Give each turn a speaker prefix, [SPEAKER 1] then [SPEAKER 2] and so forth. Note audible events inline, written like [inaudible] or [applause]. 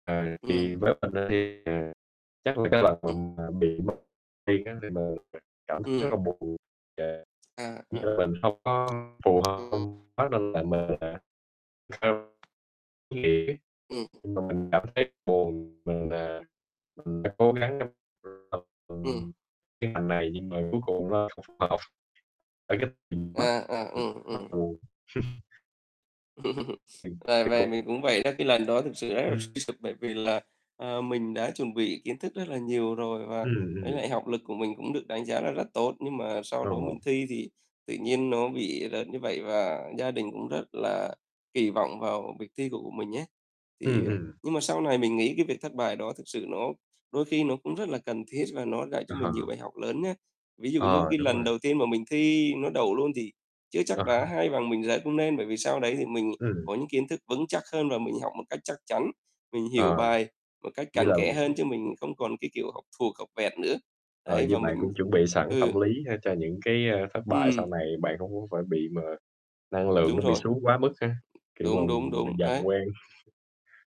[SPEAKER 1] Ờ, thì
[SPEAKER 2] Ừm.
[SPEAKER 1] với mình á thì, ờ, chắc là cái lần
[SPEAKER 2] Ừm.
[SPEAKER 1] m mà bị mất tiên á nên là mình cảm thấy rất là
[SPEAKER 2] Ừm.
[SPEAKER 1] buồn và
[SPEAKER 2] À,
[SPEAKER 1] với
[SPEAKER 2] à.
[SPEAKER 1] lại mình hông có phù hợp
[SPEAKER 2] Ừm.
[SPEAKER 1] [unintelligible] nên là mình là [unintelligible]
[SPEAKER 2] Ừm.
[SPEAKER 1] nhưng mà mình cảm thấy buồn, mình, à, mình đã cố gắng trong
[SPEAKER 2] Ừm.
[SPEAKER 1] [unintelligible] cái ngành này nhưng mà cuối cùng nó không phù hợp. Tại cái [unintelligible] rất
[SPEAKER 2] À, à, ừm,
[SPEAKER 1] là
[SPEAKER 2] ừm.
[SPEAKER 1] buồn. [chuckles]
[SPEAKER 2] [chuckles]
[SPEAKER 1] Ừm,
[SPEAKER 2] À,
[SPEAKER 1] thì
[SPEAKER 2] và
[SPEAKER 1] cũng
[SPEAKER 2] mình cũng vậy đó, cái lần đó thực sự rất là
[SPEAKER 1] Ừm.
[SPEAKER 2] suy sụp bởi vì là, ờ, mình đã chuẩn bị kiến thức rất là nhiều rồi và
[SPEAKER 1] Ừm,
[SPEAKER 2] với
[SPEAKER 1] ừm.
[SPEAKER 2] lại học lực của mình cũng được đánh giá là rất tốt, nhưng mà sau
[SPEAKER 1] Rất
[SPEAKER 2] đó mình
[SPEAKER 1] ổn.
[SPEAKER 2] thi thì tự nhiên nó bị rớt như vậy, và gia đình cũng rất là kỳ vọng vào việc thi của của mình ấy.
[SPEAKER 1] Ừm,
[SPEAKER 2] Thì, à
[SPEAKER 1] ừm.
[SPEAKER 2] nhưng mà sau này mình nghĩ cái việc thất bại đó thực sự nó đôi khi nó cũng rất là cần thiết và nó dạy
[SPEAKER 1] Ờ.
[SPEAKER 2] cho mình nhiều bài học lớn nhá. Ví dụ như
[SPEAKER 1] Ờ,
[SPEAKER 2] cái
[SPEAKER 1] đúng rồi.
[SPEAKER 2] lần đầu tiên mà mình thi nó đậu luôn thì chưa
[SPEAKER 1] Ờ,
[SPEAKER 2] chắc đã
[SPEAKER 1] h
[SPEAKER 2] hay bằng mình rớt cũng nên, bởi vì sau đấy thì mình
[SPEAKER 1] Ừm.
[SPEAKER 2] có những kiến thức vững chắc hơn và mình học một cách chắc chắn, mình hiểu
[SPEAKER 1] Ờ,
[SPEAKER 2] bài một cách
[SPEAKER 1] chỉ
[SPEAKER 2] cặn
[SPEAKER 1] là
[SPEAKER 2] kẽ hơn chứ mình cũng không còn cái kiểu học thuộc, học vẹt nữa.
[SPEAKER 1] Ờ,
[SPEAKER 2] Đấy,
[SPEAKER 1] với
[SPEAKER 2] và mình
[SPEAKER 1] bạn cũng chuẩn bị sẵn tâm
[SPEAKER 2] ừ.
[SPEAKER 1] lý ha cho những cái, a, thất bại sau
[SPEAKER 2] Ừm.
[SPEAKER 1] này, bạn cũng hông phải bị mà năng lượng
[SPEAKER 2] Đúng
[SPEAKER 1] nó bị
[SPEAKER 2] rồi.
[SPEAKER 1] xuống quá mức á, kiểu, mà
[SPEAKER 2] Đúng, đúng,
[SPEAKER 1] mà
[SPEAKER 2] đúng,
[SPEAKER 1] dần
[SPEAKER 2] ấy.
[SPEAKER 1] quen.